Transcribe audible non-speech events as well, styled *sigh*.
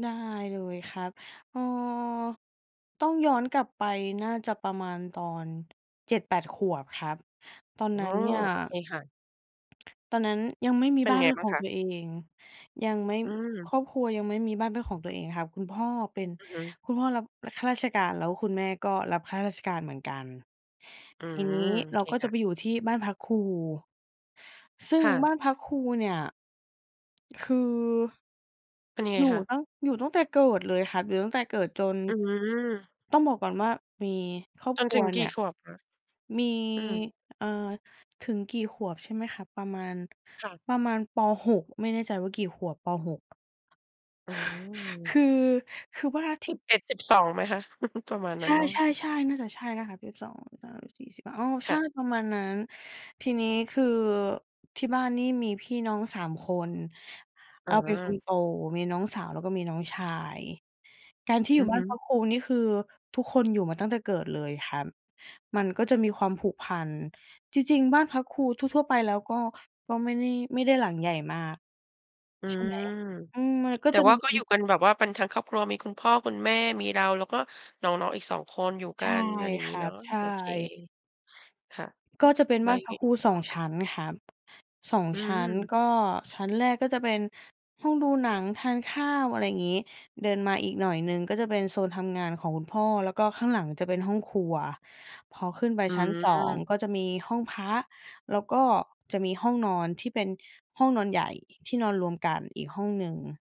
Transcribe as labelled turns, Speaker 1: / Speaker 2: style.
Speaker 1: ได้เลยครับ เออ ต้องย้อนกลับไป น่าจะประมาณตอน 7-8 ขวบครับ ตอน
Speaker 2: อ๋อ
Speaker 1: นั้นเนี่ย
Speaker 2: โอเคค่ะ
Speaker 1: ตอนนั้นยังไม่มี
Speaker 2: เป็
Speaker 1: บ
Speaker 2: น
Speaker 1: ้าน
Speaker 2: ไง
Speaker 1: เป็น
Speaker 2: บ้
Speaker 1: ข
Speaker 2: าง
Speaker 1: อง
Speaker 2: คะ?
Speaker 1: ตัวเอง เยง ยังไม่
Speaker 2: อืม
Speaker 1: ครอบครัวยังไม่มีบ้านเป็นของตัวเองครับ คุณพ่อเป็น
Speaker 2: อือฮึ
Speaker 1: คุณพ่อรับข้าราชการ แล้วคุณแม่ก็รับข้าราชการเหมือนกัน
Speaker 2: อื
Speaker 1: ทีน
Speaker 2: ม
Speaker 1: ี้
Speaker 2: โอ
Speaker 1: เรา
Speaker 2: เค
Speaker 1: ก็
Speaker 2: ค
Speaker 1: จะ
Speaker 2: ่
Speaker 1: ไ
Speaker 2: ะ
Speaker 1: ปอยู่ที่บ้านพักครู ซึ่
Speaker 2: ค
Speaker 1: ง
Speaker 2: ่ะ
Speaker 1: บ้านพักครูเนี่ย คือ
Speaker 2: เป็นยังไง
Speaker 1: อยู่
Speaker 2: คะ?
Speaker 1: ตั้ง อยู่ตั้งแต่เกิดเลยครับ อยู่ตั้งแต่เกิดจน
Speaker 2: อื้อฮือ
Speaker 1: ต้องบอกก่อนว่า มีครอบ
Speaker 2: จน
Speaker 1: คร
Speaker 2: ถ
Speaker 1: ั
Speaker 2: ึ
Speaker 1: ว
Speaker 2: งก
Speaker 1: เนี
Speaker 2: ี่
Speaker 1: ่ย
Speaker 2: ขวบคะ?
Speaker 1: มี
Speaker 2: อือ
Speaker 1: เออ ถึงกี่ขวบใช่ไหมครับ? ประมาณ
Speaker 2: ค่ะ
Speaker 1: ประมาณ ป. 6 ไม่แน่ใจว่ากี่ขวบ? ป. 6
Speaker 2: อื
Speaker 1: ค
Speaker 2: ม
Speaker 1: ือ คือว่าท
Speaker 2: ส
Speaker 1: ี
Speaker 2: ิ
Speaker 1: ่
Speaker 2: บเอ็ดสิบสอง ไหมคะ? *chuckles* ประมาณน
Speaker 1: ใ
Speaker 2: ั้นเนาะ
Speaker 1: ช่ ๆ ๆ น่าจะใช่นะครับ 12 13 14 15 อ้อ ใช
Speaker 2: ค่
Speaker 1: ่
Speaker 2: ะ
Speaker 1: ประมาณนั้น ทีนี้คือที่บ้านนี่มีพี่น้อง 3 คน เ
Speaker 2: อ๋
Speaker 1: ราเป็นคน
Speaker 2: อ
Speaker 1: โต มีน้องสาวแล้วก็มีน้องชาย การที่
Speaker 2: อ
Speaker 1: อย
Speaker 2: ื
Speaker 1: ู่
Speaker 2: อ
Speaker 1: บ้
Speaker 2: ฮ
Speaker 1: าน
Speaker 2: ึ
Speaker 1: พักครู นี่คือ ทุกคนอยู่มาตั้งแต่เกิดเลยครับ มันก็จะมีความผูกพัน จริง ๆ บ้านพักครูทั่ว ๆ ไป แล้วก็ ก็ไม่ได้ ไม่ได้หลังใหญ่มาก
Speaker 2: อื
Speaker 1: ใช่ไหม
Speaker 2: ม
Speaker 1: อืม มันก็
Speaker 2: แต่
Speaker 1: จะ
Speaker 2: ว่
Speaker 1: ม
Speaker 2: า
Speaker 1: ี
Speaker 2: ก็อยู่กันแบบว่าเป็นทั้งครอบครัว มีคุณพ่อคุณแม่ มีเรา แล้วก็น้อง ๆ อีก 2 คนอยู่ก
Speaker 1: ใช
Speaker 2: ั
Speaker 1: ่
Speaker 2: น อะไรอย่าง
Speaker 1: ค
Speaker 2: งี้
Speaker 1: รั
Speaker 2: เนา
Speaker 1: บ
Speaker 2: ะ
Speaker 1: ใช
Speaker 2: โอเค
Speaker 1: ่
Speaker 2: ค่ะ
Speaker 1: ก็จะเป็น
Speaker 2: อือ แล้
Speaker 1: บ
Speaker 2: ว
Speaker 1: ้าน
Speaker 2: ยั
Speaker 1: พ
Speaker 2: งไง
Speaker 1: ักค
Speaker 2: อี
Speaker 1: รู
Speaker 2: กต
Speaker 1: 2
Speaker 2: ่อ
Speaker 1: ช
Speaker 2: คะ?
Speaker 1: ั้นครับ 2
Speaker 2: อื
Speaker 1: ชั้น
Speaker 2: อ
Speaker 1: ก็ชั้นแรกก็จะเป็นห้องดูหนัง ทานข้าว อะไรอย่างงี้ เดินมาอีกหน่อยหนึ่ง ก็จะเป็นโซนทำงานของคุณพ่อ แล้วก็ข้างหลังจะเป็นห้องครัว พอขึ้นไป
Speaker 2: อื
Speaker 1: ชั้น 2
Speaker 2: ม
Speaker 1: ก็จะมีห้องพระ แล้วก็จะมีห้องนอน ที่เป็นห้องนอนใหญ่ ที่นอนรวมกันอีกห้องหนึ่ง